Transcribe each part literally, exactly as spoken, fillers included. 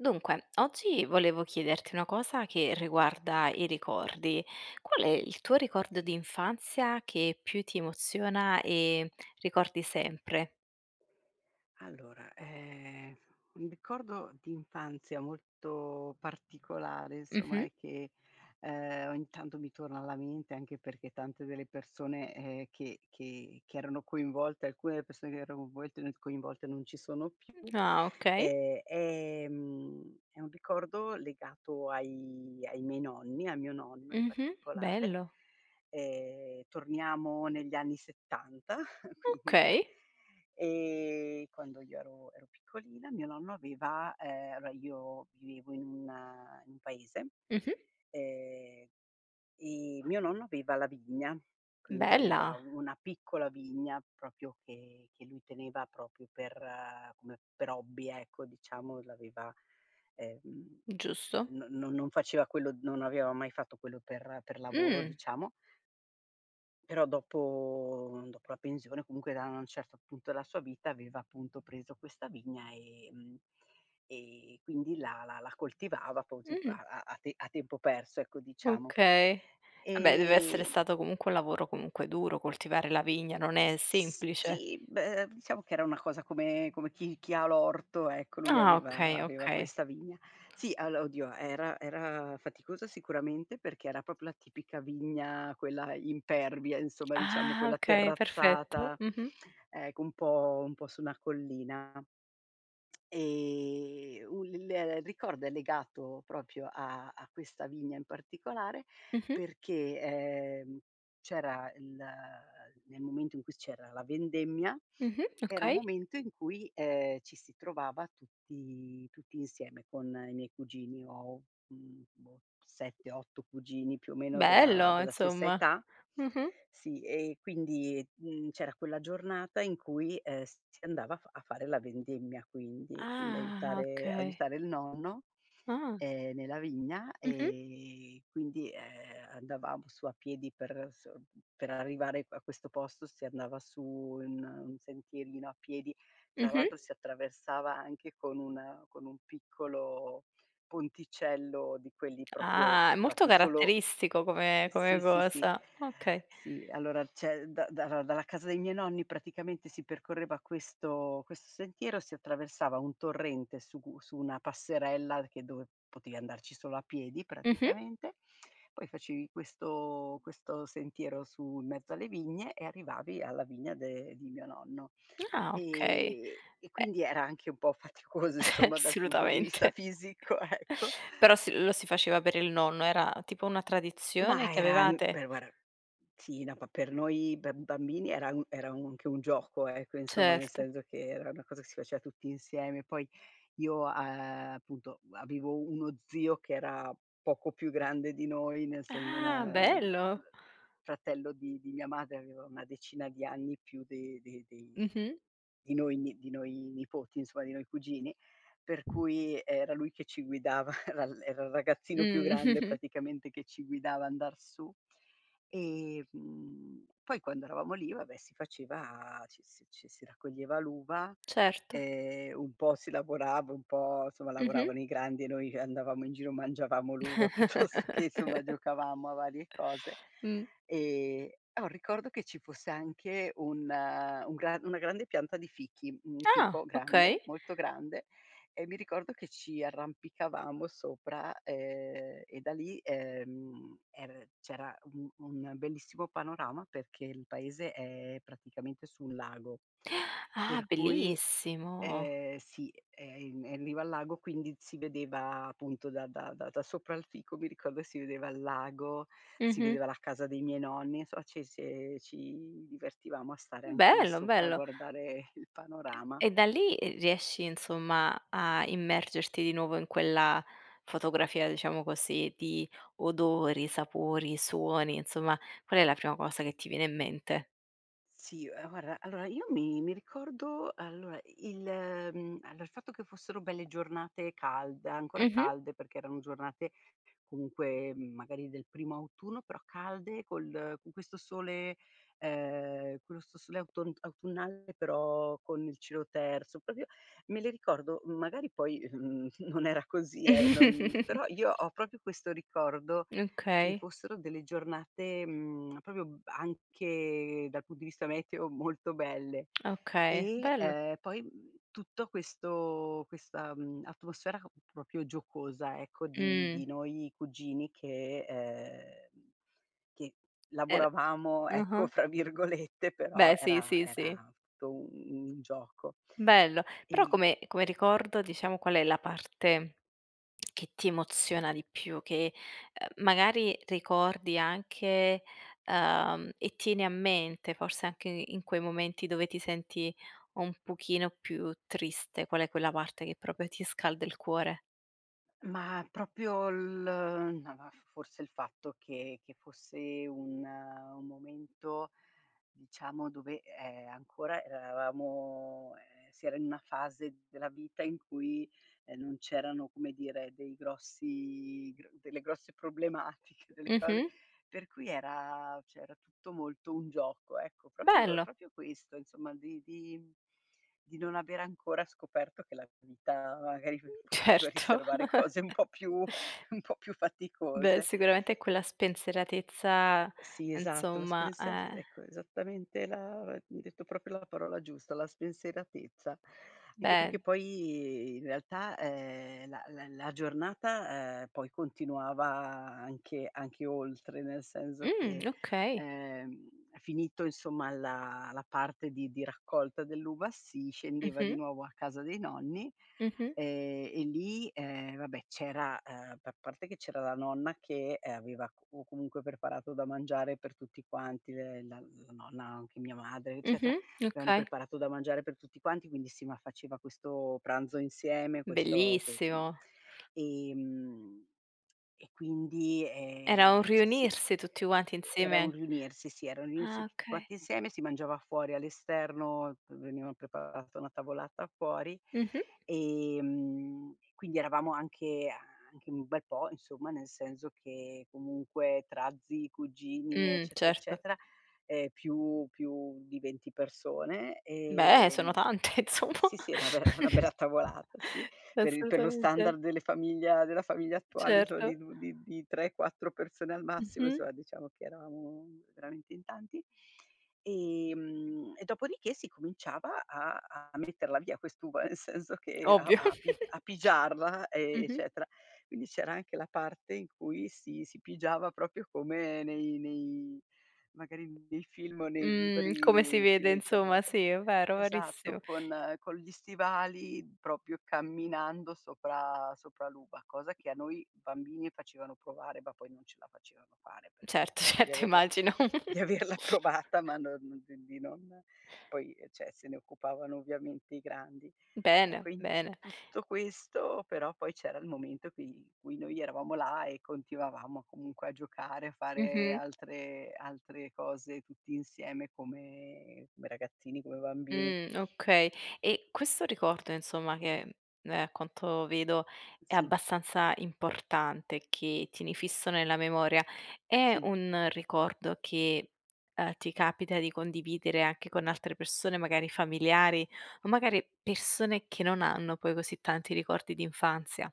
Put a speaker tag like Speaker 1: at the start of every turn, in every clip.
Speaker 1: Dunque oggi volevo chiederti una cosa che riguarda i ricordi. Qual è il tuo ricordo
Speaker 2: Sì.
Speaker 1: d'infanzia che più ti emoziona e ricordi sempre?
Speaker 2: Allora, ehm, un ricordo di infanzia molto particolare insomma
Speaker 1: Mh-mh.
Speaker 2: e che, ehm, ogni tanto mi torna alla mente anche perché tante delle persone, ehm, che che che erano coinvolte alcune delle persone che erano [unintelligible] coinvolte non ci sono più,
Speaker 1: Mh, ah okay.
Speaker 2: e, ehm, è un ricordo legato ai ai miei nonni, a mio nonno in
Speaker 1: Mh-mh,
Speaker 2: particolare.
Speaker 1: bello.
Speaker 2: Ehm, torniamo negli anni settanta, quindi,
Speaker 1: Okay.
Speaker 2: ehm, quando io ero ero piccolina mio nonno aveva ehm, beh io vivevo in un in un paese,
Speaker 1: Mh-mh.
Speaker 2: ehm, e mio nonno aveva la vigna, quindi aveva
Speaker 1: Bella.
Speaker 2: una piccola vigna propio che che lui teneva propio per come per ehm, per hobby, ecco, diciamo, l'aveva ehm,
Speaker 1: Giusto.
Speaker 2: no no non faceva quello non aveva mai fatto quello per per lavoro,
Speaker 1: Mh.
Speaker 2: diciamo. Però dopo uhm, dopo la pensione comunque da na certo punto della sua vita aveva appunto preso questa vigna e mhmm, e quindi la la la coltivava posì pa
Speaker 1: Mh-mh.
Speaker 2: a a te a tempo perso ecco, diciamo.
Speaker 1: Okay. Ah beh, deve essere
Speaker 2: E
Speaker 1: stato comunque un lavoro comunque duro coltivare la vigna non è
Speaker 2: S
Speaker 1: semplice.
Speaker 2: sì, beh, diciamo che era una cosa come come chi chi ha l'orto, ecco, lui
Speaker 1: Ah,
Speaker 2: aveva
Speaker 1: okay,
Speaker 2: aveva
Speaker 1: okay.
Speaker 2: questa vigna. Sì allo oddio, era era faticosa sicuramente perché era propio la tipica vigna, quella impervia, insomma, diciamo,
Speaker 1: Ah
Speaker 2: quella
Speaker 1: okay perfetto,
Speaker 2: terrazzata,
Speaker 1: mh-mh.
Speaker 2: ecco un po' un po' su una collina. Ehm, un l il ricordo è legato propio a a questa vigna in particolare
Speaker 1: Mh-mh.
Speaker 2: perché, ehm, c'era il nel momento in cui c'era la vendemmia
Speaker 1: Mh-mh,
Speaker 2: era un
Speaker 1: okay.
Speaker 2: momento in cui, ehm, ci si trovava tutti tutti insieme con i miei cugini. Ho. mhmm, boh, sette otto cugini più o meno della
Speaker 1: Bello
Speaker 2: della stessa
Speaker 1: insomma,
Speaker 2: età.
Speaker 1: mh-mh.
Speaker 2: Sì e quindi, mhmm, c'era quella giornata in cui, ehm, s si andava a f a fare la vendemmia, quindi quindi
Speaker 1: Ah,
Speaker 2: aiutare
Speaker 1: okay.
Speaker 2: aiutare il nonno,
Speaker 1: Ah.
Speaker 2: ehm, nella vigna.
Speaker 1: Mh-mh.
Speaker 2: E, quindi, ehm, andavamo su a piedi per s mhmm, per arrivare pa questo posto si andava su un un sentierino a piedi, tra
Speaker 1: Mh-mh.
Speaker 2: l'altro si attraversava anche con un con un piccolo ponticello di quelli propio
Speaker 1: Ah è molto
Speaker 2: fatti solo
Speaker 1: caratteristico come
Speaker 2: ehm,
Speaker 1: come
Speaker 2: sì, sì, sì.
Speaker 1: cosa, okay.
Speaker 2: Sì, allora ceh da dara dalla casa dei miei nonni praticamente si percorreva questo questo sentiero, si attraversava un torrente su u su una passerella che dove potevi andarci solo a piedi
Speaker 1: Mh-mh.
Speaker 2: praticamente, poi facevi questo questo sentiero su in mezzo alle vigne e arrivavi alla vigna de di mio nonno.
Speaker 1: Ah okay.
Speaker 2: E e
Speaker 1: E
Speaker 2: quindi era anche un po' faticoso
Speaker 1: Eh,
Speaker 2: somma dal punto di vista
Speaker 1: solutamente.
Speaker 2: fisico, ecco.
Speaker 1: Però si lo si faceva per il nonno. Era tipo una tradizione
Speaker 2: Ma
Speaker 1: che
Speaker 2: era n
Speaker 1: avevate?
Speaker 2: per guara sì, no, pa per noi per bambini era un era anche un gioco ecco, insomma, nel
Speaker 1: Certo.
Speaker 2: senso che era una cosa che si faceva tutti insieme. Poi io, uhm, appunto avevo uno zio che era poco più grande di noi, nel essendo un,
Speaker 1: Ah,
Speaker 2: ehm,
Speaker 1: bello.
Speaker 2: fratello di di mia madre, aveva una decina di anni più de de dei
Speaker 1: Mh-mh.
Speaker 2: di noi ni di noi nipoti, insomma, di noi cugini. Per cui era lui che ci guidava, era era il ragazzino più grande
Speaker 1: Mh.
Speaker 2: praticamente che ci guidava andar su. E, mhmm, poi quando eravamo lì, va beh, si faceva ci si ci si raccoglieva l'uva,
Speaker 1: Certo.
Speaker 2: ehm, un po' si lavorava, un po' insomma
Speaker 1: Mh-mh.
Speaker 2: lavoravano i grandi e noi andavamo in giro, mangiavamo l'uva piuttosto che somma giocavamo a varie cose.
Speaker 1: Mh.
Speaker 2: Ehm, ho un ricordo che ci fosse anche un un gra una grande pianta di fichi, un
Speaker 1: Ah,
Speaker 2: fico
Speaker 1: okay.
Speaker 2: grande, molto grande, e mi ricordo che ci arrampicavamo sopra, ehm, e da lì, ehm, er c'era un un bellissimo panorama perché il paese è praticamente sul lago,
Speaker 1: Ah
Speaker 2: per cui
Speaker 1: bellissimo.
Speaker 2: ehm, sì è in è in riva al lago quindi si vedeva appunto da da da da sopra il fico mi ricordo si vedeva il lago, si
Speaker 1: Mh-mh.
Speaker 2: vedeva la casa dei miei nonni, insomma ci si ci divertivamo a stare anche lì
Speaker 1: Bello,
Speaker 2: sopra a
Speaker 1: bello.
Speaker 2: guardare il panorama.
Speaker 1: E da lì, ehm, riesci insomma a immergerti di nuovo in quella fotografia, diciamo così, di odori, sapori, suoni, insomma, qual è la prima cosa che ti viene in mente?
Speaker 2: Sì, uhm, guarra allora io mi mi ricordo allora i il mhmm, era il fatto che fossero belle giornate calde, ancora
Speaker 1: Mh-mh.
Speaker 2: calde, perché erano giornate comunque, mhmm, magari del primo autunno però calde col con questo sole ehm, quelsto sole autont autunnale però con il cielo terso, propio me le ricordo magari poi, ehm, n non era così eh non però io ho propio questo ricordo che
Speaker 1: Okay.
Speaker 2: fossero delle giornate, mhmm, propio anche dal punto di vista meteo molto belle.
Speaker 1: Okay,
Speaker 2: E,
Speaker 1: bello.
Speaker 2: ehm, poi, mhmm, tutto questo questa, mhmm, atmosfera propio giocosa ecco di
Speaker 1: Mh.
Speaker 2: di noi cugini che ehm, che
Speaker 1: Er
Speaker 2: "lavoravamo", ecco
Speaker 1: ah-ah.
Speaker 2: fra virgolette, però
Speaker 1: Beh, sì,
Speaker 2: era
Speaker 1: sì, sì.
Speaker 2: era tu un un gioco.
Speaker 1: Bello. Però
Speaker 2: E
Speaker 1: come come ricordo diciamo qual è la parte che ti emoziona di più che, ehm, magari ricordi anche ehm, e tieni a mente forse anche in quei momenti dove ti senti un pochino più triste, qual è quella parte che propio ti scalda il cuore?
Speaker 2: Ma propio l ma va f forse il fatto che che fosse un un momento, diciamo, dove, ehm, ancora eravamo ehm, si era in una fase della vita in cui, ehm, non c'erano, come dire, dei grossi gr delle grosse problematiche, delle cose
Speaker 1: Mh-mh.
Speaker 2: per cui era ceh era tutto molto un gioco, ecco. propio
Speaker 1: Bello.
Speaker 2: propio questo, insomma, di di mhmm, di non aver ancora scoperto che la vita magari p poteva
Speaker 1: Certo.
Speaker 2: riservare cose un po' più un po' più
Speaker 1: Beh
Speaker 2: faticose.
Speaker 1: sicuramente quella spensieratezza
Speaker 2: Eh, sì esatto.
Speaker 1: nzomma,
Speaker 2: [unintelligible]
Speaker 1: eh.
Speaker 2: ecco, esattamente la ehm, hai detto propio la parola giusta: la spensieratezza. Anche perché
Speaker 1: Beh.
Speaker 2: poi in realtà, ehm, la la la giornata, ehm, poi continuava anche anche oltre, nel senso
Speaker 1: Mh,
Speaker 2: che,
Speaker 1: okay.
Speaker 2: ehm, finito insomma la la parte di di raccolta dell'uva si scendeva di
Speaker 1: Mh-mh.
Speaker 2: nuovo a casa dei nonni,
Speaker 1: Mh-mh.
Speaker 2: ehm, e lì, ehm, vabbè c'era ehm, pa parte che c'era la nonna che, ehm, aveva comunque preparato da mangiare per tutti quanti. Le la la nonna, anche mia madre eccetera,
Speaker 1: Mh-mh,
Speaker 2: avevano
Speaker 1: okay.
Speaker 2: preparato da mangiare per tutti quanti quindi sì, ma faceva questo pranzo insieme, questo que mhmm,
Speaker 1: Bellissimo.
Speaker 2: ehm, e quindi
Speaker 1: Era un
Speaker 2: ehm, ceh sì
Speaker 1: riunirsi tutti
Speaker 2: e
Speaker 1: quanti
Speaker 2: e era un
Speaker 1: insieme
Speaker 2: riunirsi, sì era un
Speaker 1: Ah
Speaker 2: riunirsi tutti
Speaker 1: okay.
Speaker 2: quanti insieme, si mangiava fuori all'esterno, v veniva preparata una tavolata fuori
Speaker 1: Mh-mh.
Speaker 2: e, mhmm, quindi eravamo anche a anche in un bel po', insomma nel senso che comunque tra zii, cugini
Speaker 1: Mh,
Speaker 2: eccetera,
Speaker 1: certo.
Speaker 2: eccetera, ehm, più più di venti persone.
Speaker 1: Beh, sono
Speaker 2: Ehm
Speaker 1: tante insomma.
Speaker 2: sì, sì, è una be è una bella tavolata sì, per il per lo
Speaker 1: Assolutamente.
Speaker 2: standard delle famiglia della famiglia attuale insom
Speaker 1: Certo.
Speaker 2: di due di di tre, quattro persone al massimo,
Speaker 1: Mh-mh.
Speaker 2: insomma, diciamo che eravamo veramente in tanti. E mhmm, e dopodiché si cominciava a a metterla via quest'uva nel senso che a
Speaker 1: Ovvio.
Speaker 2: a pi a pigiarla,
Speaker 1: Mh-mh.
Speaker 2: eccetera. Quindi c'era anche la parte in cui si si pigiava propio come nei nei magari nei film o nei
Speaker 1: Mhmm, come si
Speaker 2: libri si
Speaker 1: vede
Speaker 2: legge alle
Speaker 1: insomma,
Speaker 2: volte.
Speaker 1: sì è vero,
Speaker 2: Esatto,
Speaker 1: verissimo.
Speaker 2: con con gli stivali propio camminando sopra sopra l'uva. Cosa che a noi bambini facevano provare ma poi non ce la facevano fare perché mi
Speaker 1: Certo,
Speaker 2: ricordo di
Speaker 1: certo
Speaker 2: averla
Speaker 1: immagino.
Speaker 2: di averla provata ma non ceh di non poi, ehm, ceh, se ne occupavano ovviamente i grandi.
Speaker 1: Bene,
Speaker 2: Ecco, in
Speaker 1: bene.
Speaker 2: tutto questo però poi c'era il momento cui in cui noi eravamo là e continuavamo comunque a giocare, a fare
Speaker 1: Mh-mh.
Speaker 2: altre altre cose tutti insieme come come ragazzini, come bambini.
Speaker 1: Mh, okay e questo ricordo insomma che, ehm, a quanto vedo è
Speaker 2: Sì.
Speaker 1: abbastanza importante, che tieni fisso nella memoria è
Speaker 2: Sì.
Speaker 1: un ricordo che, ehm, ti capita di condividere anche con altre persone magari familiari o magari persone che non hanno poi così tanti ricordi d'infanzia?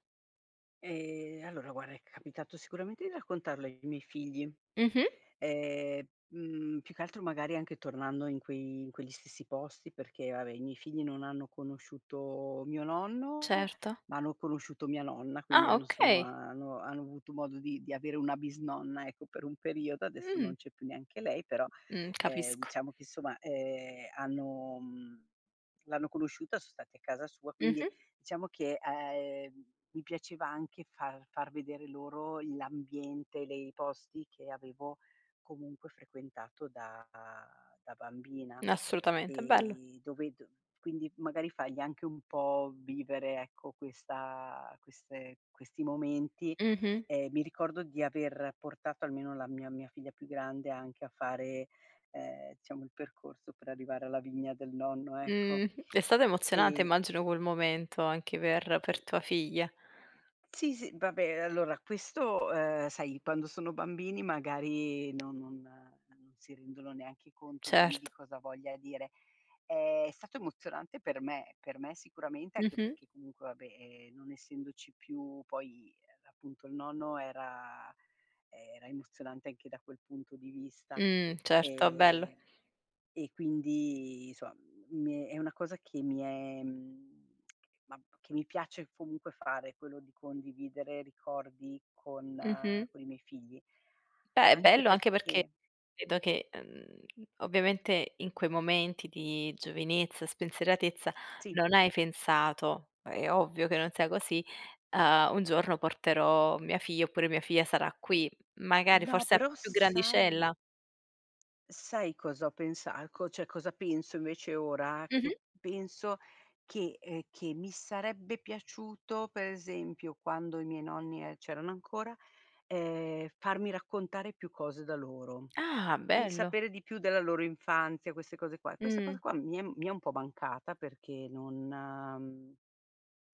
Speaker 2: Ehm, allora guara è capitato sicuramente di raccontarlo ai miei figli,
Speaker 1: Mh-mh.
Speaker 2: ehm, mhmm, più che altro magari anche tornando in quei in quegli stessi posti perché vabbè i miei figli non hanno conosciuto mio nonno
Speaker 1: Certo.
Speaker 2: ma hanno conosciuto mia nonna, quindi
Speaker 1: Ah
Speaker 2: hanno sono
Speaker 1: okay.
Speaker 2: hanno hanno avuto modo di di avere una bisnonna, ecco, per un periodo. Adesso
Speaker 1: Mh.
Speaker 2: non c'è più neanche lei, però
Speaker 1: Mh,
Speaker 2: ehm,
Speaker 1: capisco.
Speaker 2: diciamo che, somma, ehm, hanno mhmm, l'hanno conosciuta, son stati a casa sua, quindi
Speaker 1: Mh-mh.
Speaker 2: diciamo che, ehm, mi piaceva anche far far vedere loro l'ambiente, le i posti che avevo comunque frequentato da da bambina,
Speaker 1: Assolutamente, bello.
Speaker 2: e dove d quindi magari fai anche un po' vivere ecco, questa queste questi momenti.
Speaker 1: Mh-mh.
Speaker 2: Ehm, mi ricordo di aver portato almeno la mia mia figlia più grande anche a fare, ehm, diciamo il percorso per arrivare alla vigna del nonno, ecco.
Speaker 1: Mh, è stato emozionante
Speaker 2: Ehm
Speaker 1: immagino quel momento anche per
Speaker 2: E
Speaker 1: per tua figlia.
Speaker 2: Sì, sì, vabbè, allora questo ehm, sai, quando sono bambini magari non non non si rendono neanche conto bene di
Speaker 1: Cert
Speaker 2: cosa voglia dire. È stato emozionante per me. Per me sicuramente anche
Speaker 1: Mh-mh.
Speaker 2: perché comunque va beh, ehm, non essendoci più poi appunto il nonno era ehm, era emozionante anche da quel punto di vista.
Speaker 1: Mh, certo, bello.
Speaker 2: Ehm, e quindi soma, m mhmm, è una cosa che mi è, mhmm mam che mi piace comunque fare quello di condividere ricordi con
Speaker 1: Mh-mh.
Speaker 2: coi miei figli.
Speaker 1: Beh, è
Speaker 2: Anche
Speaker 1: bello anche perché
Speaker 2: perché
Speaker 1: edo che, uhm, ovviamente in quei momenti di giovinezza, spensieratezza
Speaker 2: Sì.
Speaker 1: non hai pensato- è ovvio che non sia così- ehm: "Un giorno porterò mia figlia", oppure: "Mia figlia sarà qui"; magari
Speaker 2: No,
Speaker 1: forse a
Speaker 2: però
Speaker 1: più
Speaker 2: sai
Speaker 1: grandicella?
Speaker 2: sai cosa ho pensa eco ceh cosa penso invece ora che
Speaker 1: Mh-mh.
Speaker 2: penso che ehm, che mi sarebbe piaciuto, per esempio quando i miei nonni, ehm, c'erano ancora, ehm, farmi raccontare più cose da loro;
Speaker 1: Ah
Speaker 2: quindi
Speaker 1: bello.
Speaker 2: sapere di più della loro infanzia queste cose qua. E questa cosa
Speaker 1: Mh.
Speaker 2: qua mi è mi è un po' mancata perché non mhmm,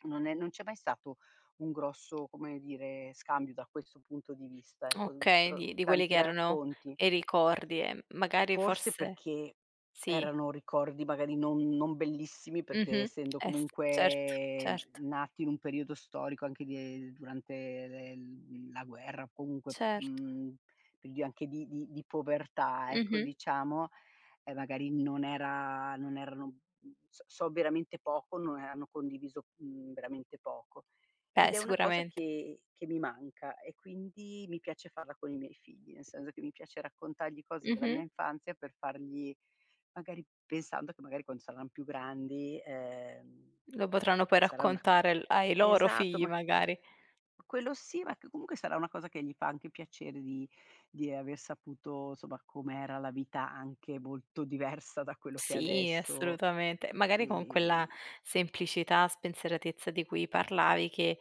Speaker 2: non è non c'è mai stato un grosso, come dire, scambio da questo punto di vista. E
Speaker 1: Okay,
Speaker 2: contro
Speaker 1: di di quelli che
Speaker 2: tanti
Speaker 1: erano
Speaker 2: racconti
Speaker 1: i ricordi e m magari
Speaker 2: Forse
Speaker 1: forse
Speaker 2: perché
Speaker 1: sì.
Speaker 2: erano ricordi magari non non bellissimi, perché
Speaker 1: Mh-mh.
Speaker 2: essendo
Speaker 1: Eh sì, certo,
Speaker 2: comunque
Speaker 1: certo.
Speaker 2: nati in un periodo storico anche di ehm, durante le l mhmm, la guerra o comunque
Speaker 1: Certo.
Speaker 2: mhmm, li ho anche di di di povertà ecco,
Speaker 1: Mh-mh.
Speaker 2: diciamo, e magari non era non erano mhmm, s so veramente poco, no hanno condiviso, mhmm, veramente poco.
Speaker 1: Beh
Speaker 2: Ed è una cosa
Speaker 1: sicuramente.
Speaker 2: che che mi manca e quindi mi piace farla con i miei figli, nel senso che mi piace raccontargli cose della mia
Speaker 1: Mh-mh.
Speaker 2: infanzia per fargli magari pensando che magari quan saran più grandi, ehm ehm,
Speaker 1: Lo potranno poi
Speaker 2: sarà una
Speaker 1: raccontare al ai loro
Speaker 2: esatto,
Speaker 1: figli
Speaker 2: ma
Speaker 1: magari.
Speaker 2: Quello sì ma che comunque sarà una cosa che gli fa anche piacere di di aver saputo, somma, com'era la vita anche molto diversa da quello che è
Speaker 1: Sì
Speaker 2: adesso;
Speaker 1: assolutamente, magari con quella
Speaker 2: e
Speaker 1: semplicità, spensieratezza di cui parlavi che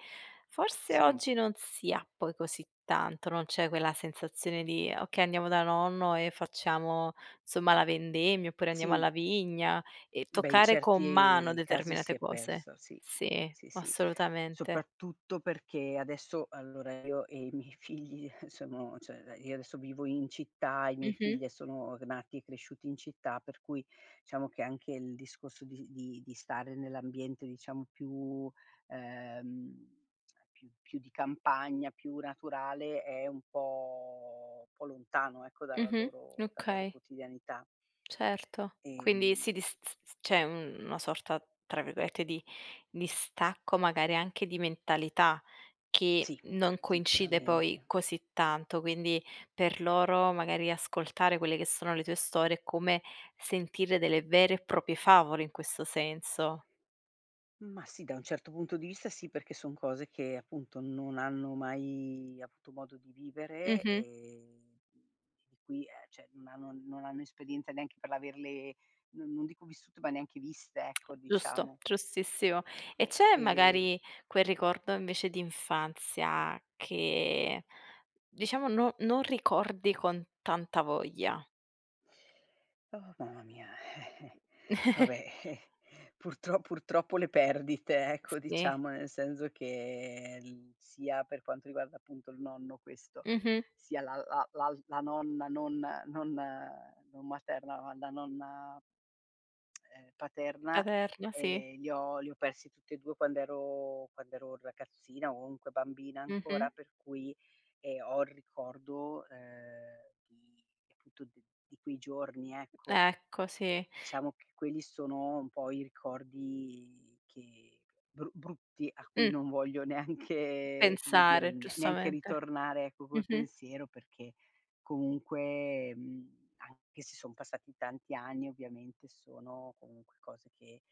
Speaker 1: forse
Speaker 2: Sì.
Speaker 1: oggi non si ha poi così tanto, non c'è quella sensazione di: "Okay, andiamo da nonno e facciamo somma la vendemmia", oppure: "Andiamo
Speaker 2: Sì.
Speaker 1: alla vigna", e
Speaker 2: Beh, in
Speaker 1: toccare con mano
Speaker 2: certi casi si
Speaker 1: determinate
Speaker 2: è
Speaker 1: cose.
Speaker 2: persa, sì.
Speaker 1: Sì
Speaker 2: Sì, sì,
Speaker 1: assolutamente.
Speaker 2: soprattutto perché adesso allora io e i miei figli, eh, sono ceh, ehm, io adesso vivo in città e i miei
Speaker 1: Mh-mh.
Speaker 2: figlie sono gnati e cresciuti in città, per cui diciamo che anche il discorso di di di stare nell'ambiente diciamo più ehm, più più di campagna, più naturale è un po' un po' lontano ecco dalla
Speaker 1: Mh-mh,
Speaker 2: loro dalla loro
Speaker 1: okay.
Speaker 2: quotidianità.
Speaker 1: Certo. Quindi
Speaker 2: Ehm
Speaker 1: sì di s s s c'è una sorta, tra virgolette, di "distacco" magari anche di mentalità che
Speaker 2: Sì,
Speaker 1: non coincide poi
Speaker 2: sicuramente.
Speaker 1: così tanto, quindi per loro magari ascoltare quelle che sono le tue storie è come sentire delle vere e propie favole in questo senso.
Speaker 2: Ma sì, da un certo punto di vista sì perché sono cose che appunto non hanno mai avuto modo di vivere
Speaker 1: Mh-mh.
Speaker 2: e qui, ehm, ceh, non hanno non hanno esperienza neanche per averle non non dico vissute ma neanche viste, ecco
Speaker 1: Giusto.
Speaker 2: diciamo.
Speaker 1: Giustissimo. E
Speaker 2: Ecco,
Speaker 1: c'è
Speaker 2: e
Speaker 1: magari quel ricordo invece di infanzia che diciamo non non ricordi con tanta voglia?
Speaker 2: Oh, mamma mia. Eh-eh. Vabbè, eh, purtro purtroppo le perdite, ecco,
Speaker 1: Sì.
Speaker 2: diciamo, nel senso che l sia per quanto riguarda appunto il nonno questo,
Speaker 1: Mh-mh.
Speaker 2: sia la la l'al la nonna non non non materna, ma la nonna ehm, paterna,
Speaker 1: Averna, sì.
Speaker 2: ehm, li ho li ho persi tutti e due quando ero quando ero ragazzina o nque bambina ancora
Speaker 1: Mh-mh.
Speaker 2: per cui, ehm, ho il ricordo ehm, di tuti di quei giorni, ecco.
Speaker 1: Ecco, sì.
Speaker 2: Diciamo che quelli sono un po' i ricordi che bru brutti a cui
Speaker 1: Mh.
Speaker 2: non voglio neanche come dire,
Speaker 1: Pensare
Speaker 2: ne neanche
Speaker 1: giustamente.
Speaker 2: ritornare ecco col
Speaker 1: Mh-mh.
Speaker 2: pensiero perché comunque, mhmm, anche se son passati tanti anni ovviamente sono comunque cose che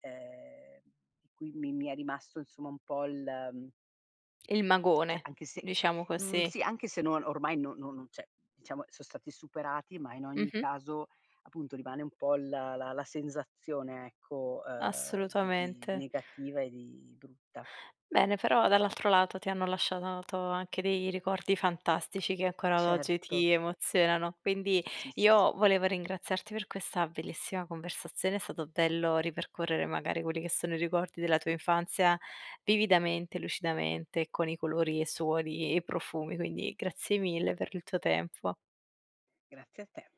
Speaker 2: ehm, mi mi mi è rimasto insomma un po' il
Speaker 1: Il
Speaker 2: ceh
Speaker 1: magone,
Speaker 2: anche se
Speaker 1: diciamo
Speaker 2: mhmm,
Speaker 1: così.
Speaker 2: sì, anche se no ormai no no non ceh diciamo so' stati superati ma in ogni
Speaker 1: Mh-mh.
Speaker 2: caso, appunto rimane un po' la la la sensazione ecco, ehm, di di
Speaker 1: Assolutamente.
Speaker 2: negativa e di brutta.
Speaker 1: Bene, però dall'altro lato ti hanno lasciato to anche dei ricordi fantastici che
Speaker 2: E
Speaker 1: ancora oggi
Speaker 2: certo.
Speaker 1: ti emozionano. Quindi
Speaker 2: Sì, sì, sì.
Speaker 1: io volevo ringraziarti per questa bellissima conversazione, è stato bello ripercorrere magari quelli che sono i ricordi della tua infanzia vividamente, lucidamente con i colori e suoni e profumi, quindi grazie mille per il tuo tempo.
Speaker 2: Grazie a te.